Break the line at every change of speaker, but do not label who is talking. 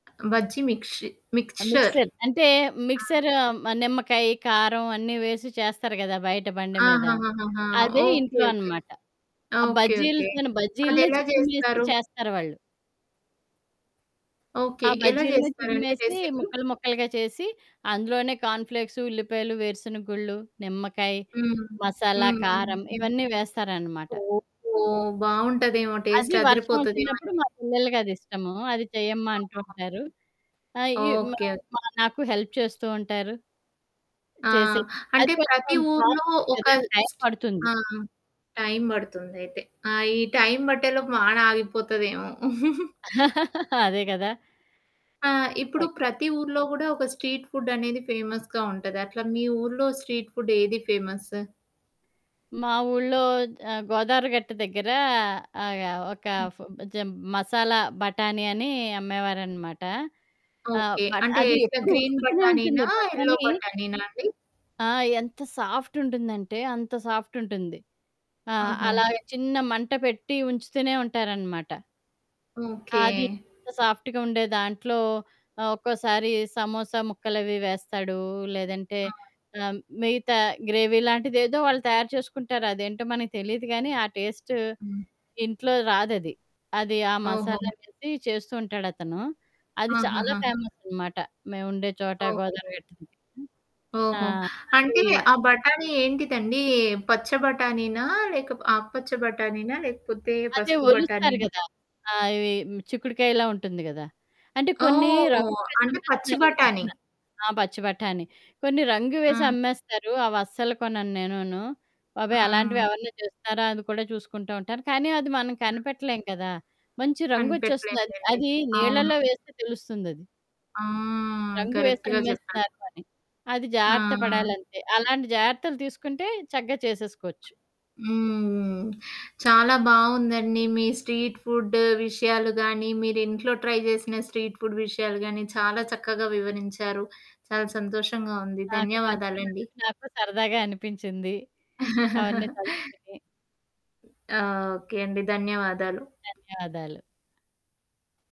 Bajji మిక్చి mixture.
Mixer. అంటే
హ్మ్.
Mixer మ నిమ్మకాయి, కారం అన్నీ వేసి చేస్తారు కదా! బయట బండి మీద.
ఆహాహాహాహా!
అదే
ఓకే,
ఇంట్లో
ఓకే.
అనమాట. ఆ
ఓకే, ఓకే.
బజ్జీలుతోను బజ్జీల్నే
అదెలా
చిదిమేసి
జేస్తారు?
చేస్తారు వాళ్ళు. ఆ
ఓకే. ఎలా
బజ్జీల్నే
చేస్తారండి
చిదిమేసి,
రెసిపీ?
ముక్కలు ముక్కలుగా చేసి, అందులోనే కార్న్‌ఫ్ల్‌క్సు, ఉల్లిపాయలు, వేరుసెనగ గుళ్ళు, నిమ్మకాయ,
హ్మ్.
మసాలా,
హ్మ్. హ్మ్
కారం
హ్మ్.
ఇవన్నీ వేస్తారనమాట.
ఓహో! బావుంటదేమో
అది
టేస్ట్
వర్షం వచ్చినప్పుడు
అదిరిపోతదేమోనండి.
మా పిల్లలకి అదిష్టము. "అది చెయ్యమ్మా" అంటూ
అవును.
ఉంటారు. ఆహ్, ఈ మా,
ఓకే. ఓకే.
మా నాకు హెల్ప్ చేస్తూ ఉంటారు.
ఆ!
చేసేది అది
అంటే ప్రతి
కొంచెం
ఊర్లో
ప్రాసెసే
ఒక
కదా! టైం పడుతుంది.
ఆ! టైమ్ పడుతుందయితే. ఆ ఈ టైమ్ బట్టేలోపు మాానాగిపోతదేమో.
అదే కదా!
ఆ! ఇప్పుడు
తక్
ప్రతి ఊర్లో కూడా ఒక స్ట్రీట్ ఫుడ్ అనేది ఫేమస్‌గా ఉంటది. అట్లా మీ ఊర్లో స్ట్రీట్ ఫుడ్ ఏది ఫేమస్సు?
మా ఊర్లో ఆహ్, గోదవరి గట్టు దగ్గర ఆహ్, ఒక
హ్మ్.
ఫు జం మసాలా బఠాణి అని అమ్మేవారనమాట. ఆ!
ఓకే.
బట్
అంటే
అది
ఎట్లా
ఎప్పుడు
గ్రీన్
ఉడుకుతూనే ఉంటుంది.
బటాణినా? ఎల్లో
బఠాణీ
బటాణినా అండి?
ఆ! ఎంత సాఫ్ట్ ఉంటుందంటే, అంత సాఫ్ట్ ఉంటుంది. ఆహ్,
ఓహో!
అలాగ చిన్న మంట పెట్టి ఉంచుతూనే ఉంటారనమాట.
ఓకే.
అది. ఇంక సాఫ్ట్‌గుండే దాంట్లో ఆహ్, ఒక్కోసారి సమోసా ముక్కలవి వేస్తాడు. లేదంటే
హ్మ్.
ఆహ్, మిగతా గ్రేవీ లాంటిదేదో వాళ్ళు తయారు చేసుకుంటారు. అదేంటో మనకు తెలీదు కానీ ఆ టేస్టు
హ్మ్.
ఇంట్లో రాదది. అది ఆ
ఓహో!
మసాలా వేసి చేస్తూ ఉంటాడతను. అది చాలా
ఆహాహాహా!
ఫేమసనమాట, మేముండే చోట
ఓకే.
గోదావరి గట్టు దగ్గర. ఆ!
ఓహో!
అది
అంటే ఆ బటాణి ఏంటిదండి? ఏహ్! పచ్చ బటాణీనా? లేక ఆకుపచ్చ బటాణీనా లేకపోతే
అదే
పసుపు
ఒలుస్తారు
బటాణీనా?
కదా! ఆ! ఇవి చిక్కుడుకాయలా ఉంటుంది కదా! అంటే కొన్ని
ఓహ్!
రంగులేసి
అంటే పచ్చి బటాణి.
అమ్మేస్తున్నారిమద్యన ఆ! పచ్చి బటాణి కొన్ని రంగు వేసి
హ్మ్.
అమ్మేస్తారు. అవస్సలు కొనను నేనును. బాబోయ్!
హ్మ్.
అలాంటివెవరన్నా చేస్తారా? అని కూడా చూసుకుంటూ ఉంటాను. కానీ అది మనం
హ్మ్.
కనిపెట్టలేం కదా! మంచి రంగొచ్చేస్తుంది అది.
కనిపెట్టలేంలెండి.
అది
అవును.
నీళ్ళలో వేస్తే తెలుస్తుందది.
హ్మ్,
రంగు
కరక్ట్‌గా జెప్పారు.
వేసమ్మేస్తన్నారు అని. అది జాగ్రత్త
ఆ!
పడాలంతే. అలాంటి జాగ్రత్తలు తీసుకుంటే చగ్గా చేసేసుకోవచ్చు.
హ్మ్. చాలా బావుందండి. మీ స్ట్రీట్ ఫుడ్ విషయాలు గానీ, మీరు ఇంట్లో ట్రై చేసిన స్ట్రీట్ ఫుడ్ విషయాలు గాని, చాలా చక్కగా వివరించారు. చాలా సంతోషంగా ఉంది.
నాకు
ధన్యవాదాలండి.
పంచుకున్నందుకు నాకు సరదాగా అనిపించింది. అవన్నీ తలుచుకొని.
ఓకే అండి. ధన్యవాదాలు.
ధన్యవాదాలు.